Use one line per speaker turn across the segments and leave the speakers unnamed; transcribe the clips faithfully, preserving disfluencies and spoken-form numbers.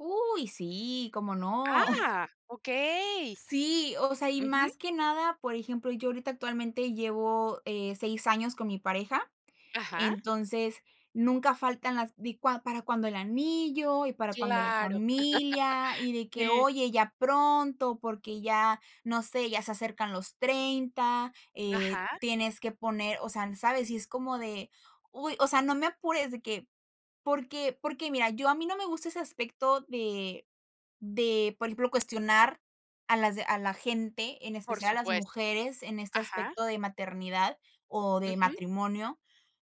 ¡Uy! Sí, ¿cómo no?
Ah, okey.
Sí, o sea, y
Ujú.
más que nada, por ejemplo, yo ahorita actualmente llevo, eh, seis años con mi pareja,
Ajá.
entonces, nunca faltan las di cua ¿para cuándo el anillo, y para cuándo la
Claro..
familia? Y de que:
Sí.
"Oye ya pronto, porque ya, no sé, ya se acercan los treinta". Eh,
Ajá.
tienes que poner, o sea, ¿sabes? Y es como de, uy, o sea, no me apures de que porque porque mira yo a mí no me gusta ese aspecto de de, por ejemplo, cuestionar a las a la gente, en
Por
especial a las
supuesto
mujeres, en este
ajá.
aspecto de maternidad o de
Ujú.
matrimonio,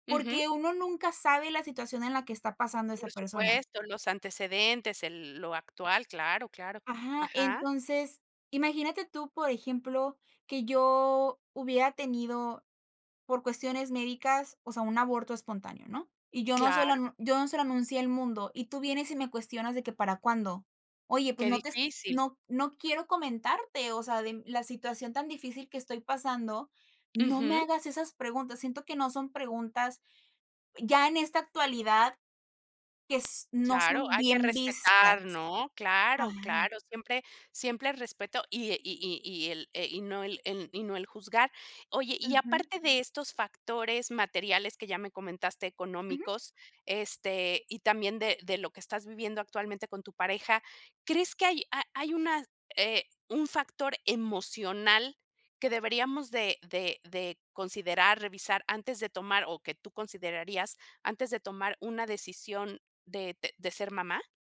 Ujú.
porque uno nunca sabe la situación en la que está pasando esa
Por
persona.
supuesto, los antecedentes, el lo actual, claro, claro.
Ajá,
Ajá.
entonces imagínate tú, por ejemplo, que yo hubiera tenido por cuestiones médicas, o sea, un aborto espontáneo, ¿no? Y yo no se
Claro.
lo yo no se lo anuncié al mundo, y tú vienes y me cuestionas de que para cuándo. Oye, pues
Qué
no te
difícil.
no no quiero comentarte, o sea, de la situación tan difícil que estoy pasando, no me
Ujú.
hagas esas preguntas. Siento que no son preguntas, ya en esta actualidad, que s no
Claro,
son
hay que
bien
respetar,
vistas.
¿no? Claro,
Ajá.
claro, siempre siempre respeto, y e y y y el e y no el en y no el juzgar. Oye, y
Ujú.
aparte de estos factores materiales que ya me comentaste,
Ujú.
económicos, este, y también de de lo que estás viviendo actualmente con tu pareja, ¿crees que hay ha hay una, eh, un factor emocional que deberíamos de de de considerar, revisar, antes de tomar, o que tú considerarías antes de tomar una decisión de de de ser mamá?